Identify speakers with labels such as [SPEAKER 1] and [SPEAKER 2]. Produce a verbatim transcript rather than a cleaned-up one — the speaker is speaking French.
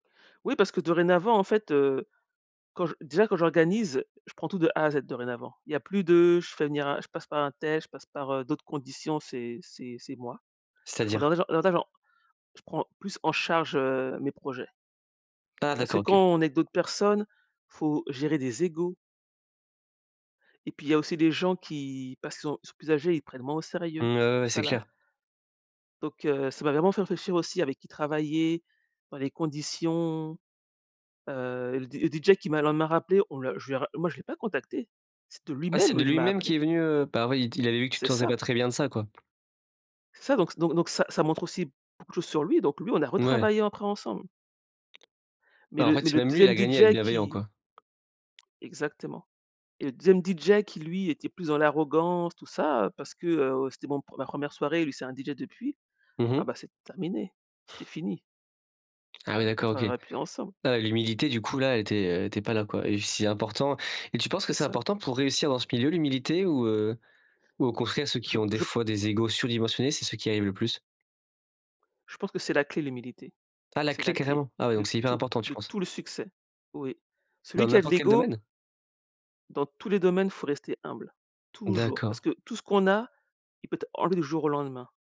[SPEAKER 1] Oui parce que dorénavant, en fait, heu, quand j déjà, quand j'organise, je prends tout de A à Z, dorénavant. Il y a plus de je fais venir un je passe par untel, je passe par, heu, d'autres conditions, c'est c'est c'est moi. Je prends
[SPEAKER 2] C'est-à-dire?
[SPEAKER 1] davantage davantage en je prends plus en charge, heu, mes projets.
[SPEAKER 2] Ah,
[SPEAKER 1] Parce que
[SPEAKER 2] d'accord,
[SPEAKER 1] quand
[SPEAKER 2] OK.
[SPEAKER 1] on aide d'autres personnes, faut gérer des égos. Et puis il y a aussi les gens qui parce qu'ils ont sont plus âgés, ils prennent moins au
[SPEAKER 2] Mmh,
[SPEAKER 1] sérieux
[SPEAKER 2] ouais, ouais,
[SPEAKER 1] tout
[SPEAKER 2] ouais, c'est
[SPEAKER 1] ça, là.
[SPEAKER 2] clair.
[SPEAKER 1] Donc heu, ça m'a vraiment fait réfléchir aussi avec qui travailler, dans les conditions, heu, le D le DJ qui m'a, le lendemain, rappelé, on l'a je l'ai ra moi, je l'ai pas contacté. C'est de
[SPEAKER 2] Ah, c'est
[SPEAKER 1] lui-même,
[SPEAKER 2] de
[SPEAKER 1] heu, il
[SPEAKER 2] lui
[SPEAKER 1] m'a
[SPEAKER 2] même qu'il
[SPEAKER 1] appelée.
[SPEAKER 2] est venu, heu, bah, oui, il t il avait vu que tu te
[SPEAKER 1] C'est
[SPEAKER 2] sentais
[SPEAKER 1] ça.
[SPEAKER 2] pas très bien de ça, quoi.
[SPEAKER 1] C'est ça donc donc donc ça ça montre aussi beaucoup de choses sur lui. Donc lui, on a
[SPEAKER 2] Mouais.
[SPEAKER 1] retravaillé après, ensemble. Mais
[SPEAKER 2] Bah, en
[SPEAKER 1] le
[SPEAKER 2] fait,
[SPEAKER 1] mais
[SPEAKER 2] c'est
[SPEAKER 1] le
[SPEAKER 2] même lui, il
[SPEAKER 1] deuxième
[SPEAKER 2] a gagné à être
[SPEAKER 1] DJ
[SPEAKER 2] bienveillant,
[SPEAKER 1] qui
[SPEAKER 2] quoi.
[SPEAKER 1] exactement et le deuxième DJ qui, lui, était plus dans l'arrogance, tout ça, heu, parce que, heu, c'était mon ma première soirée, lui, c'est un DJ depuis,
[SPEAKER 2] Mmh
[SPEAKER 1] ah,
[SPEAKER 2] mh.
[SPEAKER 1] bah, c'est terminé, c'était fini.
[SPEAKER 2] Ah, oui,
[SPEAKER 1] On
[SPEAKER 2] d'accord, OK.
[SPEAKER 1] travaillera plus ensemble.
[SPEAKER 2] Heu, l'humilité, du coup, là, elle était elle était pas là, quoi et c'est important. Et tu penses que
[SPEAKER 1] C'est
[SPEAKER 2] c'est
[SPEAKER 1] ça.
[SPEAKER 2] important pour réussir dans ce milieu, l'humilité? Ou heu ou au contraire, ceux qui
[SPEAKER 1] Je
[SPEAKER 2] ont,
[SPEAKER 1] p
[SPEAKER 2] des
[SPEAKER 1] je p
[SPEAKER 2] fois, des égos surdimensionnés, c'est ceux qui y arrivent le plus?
[SPEAKER 1] Je pense que c'est la clé, l'humilité.
[SPEAKER 2] Ah, la
[SPEAKER 1] C'est
[SPEAKER 2] clé,
[SPEAKER 1] la clé
[SPEAKER 2] carrément? Ah oui donc
[SPEAKER 1] de
[SPEAKER 2] c'est hyper
[SPEAKER 1] tout,
[SPEAKER 2] important, tu
[SPEAKER 1] de
[SPEAKER 2] penses?
[SPEAKER 1] tout le succès, oui. Celui
[SPEAKER 2] Dans
[SPEAKER 1] qui a de
[SPEAKER 2] n'importe quel
[SPEAKER 1] l'ego
[SPEAKER 2] domaine?
[SPEAKER 1] dans tous les domaines, faut rester humble, toujours parce
[SPEAKER 2] D'accord.
[SPEAKER 1] que tout ce qu'on a, il peut être enlevé du jour au lendemain.